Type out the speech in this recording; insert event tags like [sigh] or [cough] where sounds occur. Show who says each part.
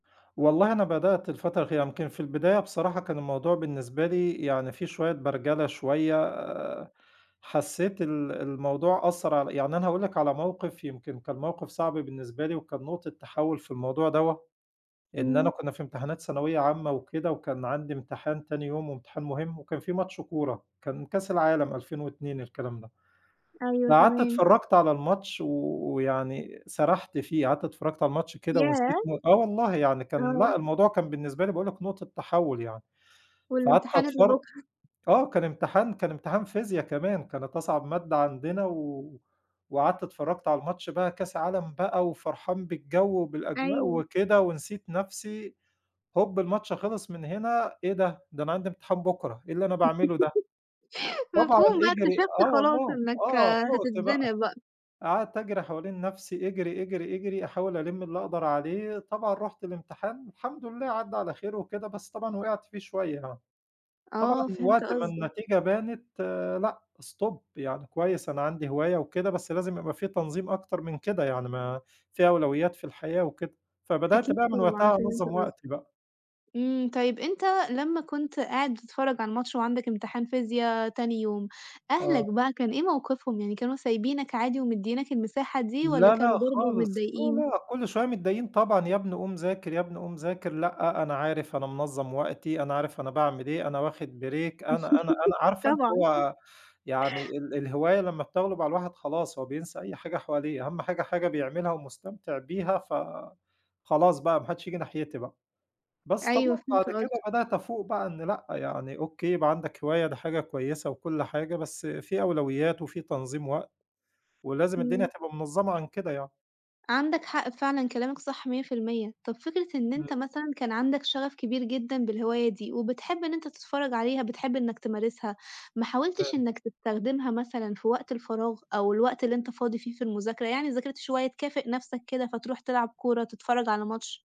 Speaker 1: والله، أنا بدأت الفترة الأخيرة، يمكن في البداية بصراحة كان الموضوع بالنسبة لي يعني في شويّة برجلة شويّة، حسّيت ال الموضوع أثّر عل يعني أنا هاقول لك على موقف، يمكن كان موقف صعب بالنسبة لي، وكان نقطة تحوّل في الموضوع دوّة، إن أنا
Speaker 2: إمم.
Speaker 1: كنّا في امتحانات ثانوية عامةً وكده، وكان عندي امتحان تاني يوم، وامتحان مهم، وكان في ماتش كورة، كان كاس العالم 2002 الكلام ده،
Speaker 2: أيوه
Speaker 1: فقعدت
Speaker 2: تمام.
Speaker 1: اتفرّجت على الماتش و ويعني سرحت فيه، قعدت اتفرّجت على الماتش كده
Speaker 2: ياه!
Speaker 1: ونسيت م آه والله، يعني كان،
Speaker 2: آه.
Speaker 1: لأ، الموضوع كان بالنسبة لي باقول لك، نقطة تحوّل يعني، فقعدت
Speaker 2: والامتحان اللي
Speaker 1: أتفر
Speaker 2: بُكرة؟
Speaker 1: آه كان امتحان كان امتحان فيزيا كمان، كانت أصعب مادة عندنا، و وقعدت اتفرّجت على الماتش بقى كاس عالم بقى وفرحان بالجو وبالأجواء
Speaker 2: أيوه.
Speaker 1: وكده ونسيت نفْسي، هوب، الماتش خلص من هنا إيه ده؟! ده أنا عندي امتحان بُكرة، إيه اللي أنا باعمله ده؟!
Speaker 2: [laughs]
Speaker 1: طبعًا
Speaker 2: مفهوم بقى
Speaker 1: اجري
Speaker 2: اكتشفت
Speaker 1: آه
Speaker 2: خلاص
Speaker 1: والله،
Speaker 2: إنك
Speaker 1: آه، فُقت بقى،
Speaker 2: هتتزنق بقى.
Speaker 1: قعدت أجري حوالين نفْسي، اجري، اجري، اجري، أحاول ألِم اللي أقدر عليه، طبعًا رُحت الامتحان، الحمد لله عدَّى على خير وكده، بس طبعًا وقعت فيه شويّة آه، طبعًا
Speaker 2: آه فهمت
Speaker 1: وقت ما
Speaker 2: قصدك.
Speaker 1: النتيجة بانت، لأ، stop، يعني كويّس أنا عندي هواية وكده، بس لازم يبقى في تنظيم أكتر من كده يعني. ما في أولويات في الحياة وكده، فبدأت
Speaker 2: أكيد
Speaker 1: بقى من
Speaker 2: طبعًا،
Speaker 1: وقتها
Speaker 2: فهمت
Speaker 1: أنظّم
Speaker 2: قصدك.
Speaker 1: وقتي بقى.
Speaker 2: إمم، طيب أنت لمّا كنت قاعد بتتفرّج على الماتش وعندك امتحان فيزيا تاني يوم،
Speaker 1: آه.
Speaker 2: أهلك بقى كان إيه موقفهم؟ يعني كانوا سايبينك عادي ومديينك المساحة دي، والّا
Speaker 1: لا،
Speaker 2: كانوا
Speaker 1: لأ،
Speaker 2: برضو
Speaker 1: خالص، لا،
Speaker 2: متضايقين؟
Speaker 1: لأ، كلّ شويّة متضايقين طبعًا، يابني قوم ذاكر، يابني قوم ذاكر، لأ، أنا عارف، أنا منظّم وقتي، أنا عارف أنا باعمل إيه، أنا واخد break، أنا أنا أنا
Speaker 2: [laughs]
Speaker 1: عارفة اللي
Speaker 2: طبعًا. [chuckles]
Speaker 1: هو، يعني ال الهواية لمّا بتغلب على الواحد خلاص هو بينسى أي حاجة حواليه، أهم حاجة حاجة بيعملها ومستمتع بيها، فخلاص بقى، ما حدّش ييجي ناحيتي بقى، بس
Speaker 2: أيوة
Speaker 1: طبعًا بعد
Speaker 2: فهمت
Speaker 1: كده
Speaker 2: قصدك.
Speaker 1: بدأت أفوق بقى إن لأ، يعني أوكي يبقى عندك هواية ده حاجة كويّسة وكلّ حاجة، بس فيه أولويات، وفيه تنظيم وقت، ولازم الدنيا
Speaker 2: إمم.
Speaker 1: تبقى منظّمة عن كده يعني.
Speaker 2: عندك حق فعلًا كلامك صح 100%، طَب فكرة إن
Speaker 1: إمم.
Speaker 2: أنت مثلًا كان عندك شغف كبير جدًا بالهواية دي، وبتحب إن أنت تتفرّج عليها، بتحب إنك تمارسها، ما حاولتش
Speaker 1: تمام.
Speaker 2: إنك تستخدمها مثلًا في وقت الفراغ أو الوقت اللي أنت فاضي فيه في المذاكرة، يعني ذاكرت شوية تكافئ نفْسك كده فتروح تلعب كورة، تتفرّج على ماتش؟